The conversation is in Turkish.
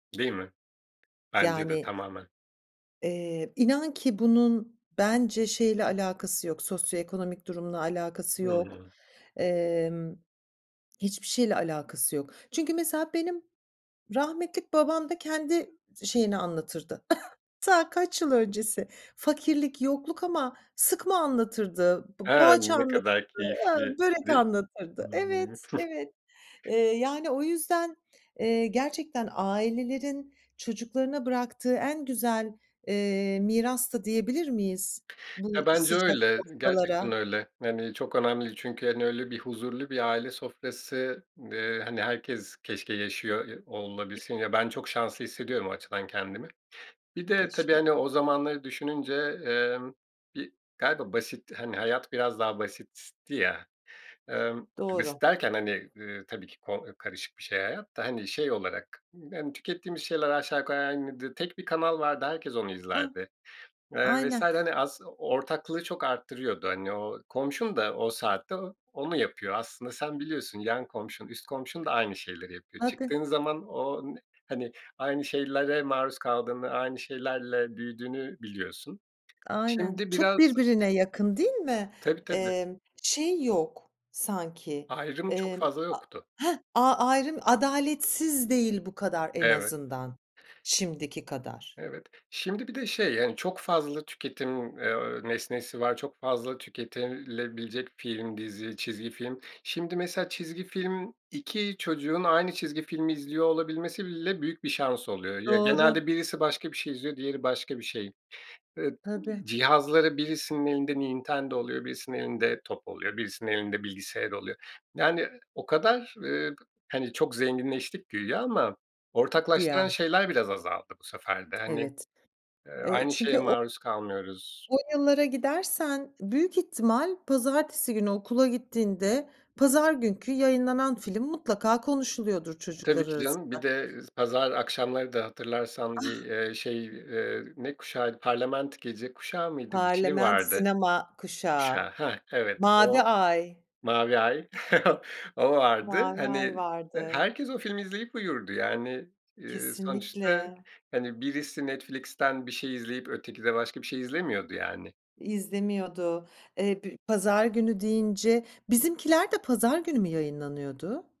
Değil mi? Bence de Yani. tamamen. Eee, inan ki bunun bence şeyle alakası yok, sosyoekonomik durumla alakası yok, Hıı. emm, hiçbir şeyle alakası yok. Çünkü, mesela, benim rahmetlik babam da kendi şeyini anlatırdı, ta kaç yıl öncesi. Fakirlik, yokluk ama sıkma anlatırdı, p He, poğaça ne anlatırdı, kadar he, börek keyifliydi? anlatırdı. Evet, evet, eee, yani, o yüzden, eee, gerçekten ailelerin çocuklarına bıraktığı en güzel, eee, miras da diyebilir miyiz, Ya, bu bence sıcak öyle, sofralara? gerçekten öyle, yani, çok önemli çünkü, hani, öyle bir huzurlu bir aile sofrası, eee, hani, herkes keşke yaşıyor, ya, olabilsin, ya, Keşke. ben çok şanslı hissediyorum o açıdan kendimi. Bir de tabii, Keşke. hani, o zamanları düşününce, emm, bir galiba basit, hani, hayat biraz daha basitti ya, emm, Doğru. basit derken, hani, ııı, tabii ki ko ııı, karışık bir şey hayat da, hani, şey olarak, hani, tükettiğimiz şeyler aşağı yukarı aynıdır. Tek bir kanal vardı, herkes onu Ah, izlerdi, eee, vs. aynen. hani, aslı ortaklığı çok arttırıyordu. Hani, o komşun da o saatte o onu yapıyor aslında sen biliyorsun. Yan komşun üst komşun da aynı şeyleri yapıyor. [unintelligible] Çıktığın zaman o n hani, aynı şeylere maruz kaldığını, aynı şeylerle büyüdüğünü biliyorsun. Aynen. Şimdi Çok biraz birbirine yakın değil mi? Tabii tabii. Emm, şey yok sanki, Ayrım çok emm, fazla a yoktu. heh, a ayrım adaletsiz değil bu kadar en Evet. azından, şimdiki kadar. Evet. Şimdi bir de, şey, hani, çok fazla tüketim, eee, nesnesi var, çok fazla tüketilebilecek film, dizi, çizgi film. Şimdi, mesela, çizgi film, 2 çocuğun aynı çizgi filmi izliyor olabilmesi bile büyük bir şans oluyor. Ya, Doğru. genelde birisi başka bir şey izliyor, diğeri başka bir şey. Eee, Tabii. cihazları birisinin elinde Nintendo oluyor, birisinin elinde top oluyor, birisinin elinde bilgisayar oluyor. Yani, o kadar, eee, hani, çok zenginleştik güya ama ortaklaştıran Güya. şeyler biraz azaldı bu sefer de. Hani, Evet. eee, Eee, aynı şeye çünkü o maruz kalmıyoruz. O yıllara gidersen, büyük ihtimal pazartesi günü okula gittiğinde pazar günkü yayınlanan film mutlaka konuşuluyordur Tabii çocuklar ki canım, bir arasında. de pazar akşamları da hatırlarsan bir, Ah. eee, şey, eee, ne kuşağıydı? Parliament Gece Kuşağı mıydı? Bir şey Parliament vardı. Sinema Kuşağı. Kuşağı, heh, evet. Mavi O, Ay. Mavi Ay, o vardı. Mavi Ay Hani vardı. herkes o filmi izleyip uyurdu yani, eee, sonuçta Kesinlikle. hani birisi Netflix'ten bir şey izleyip öteki de başka bir şey izlemiyordu, yani. İzlemiyordu. Eee, b pazar günü deyince, Bizimkiler de pazar günü mü yayınlanıyordu?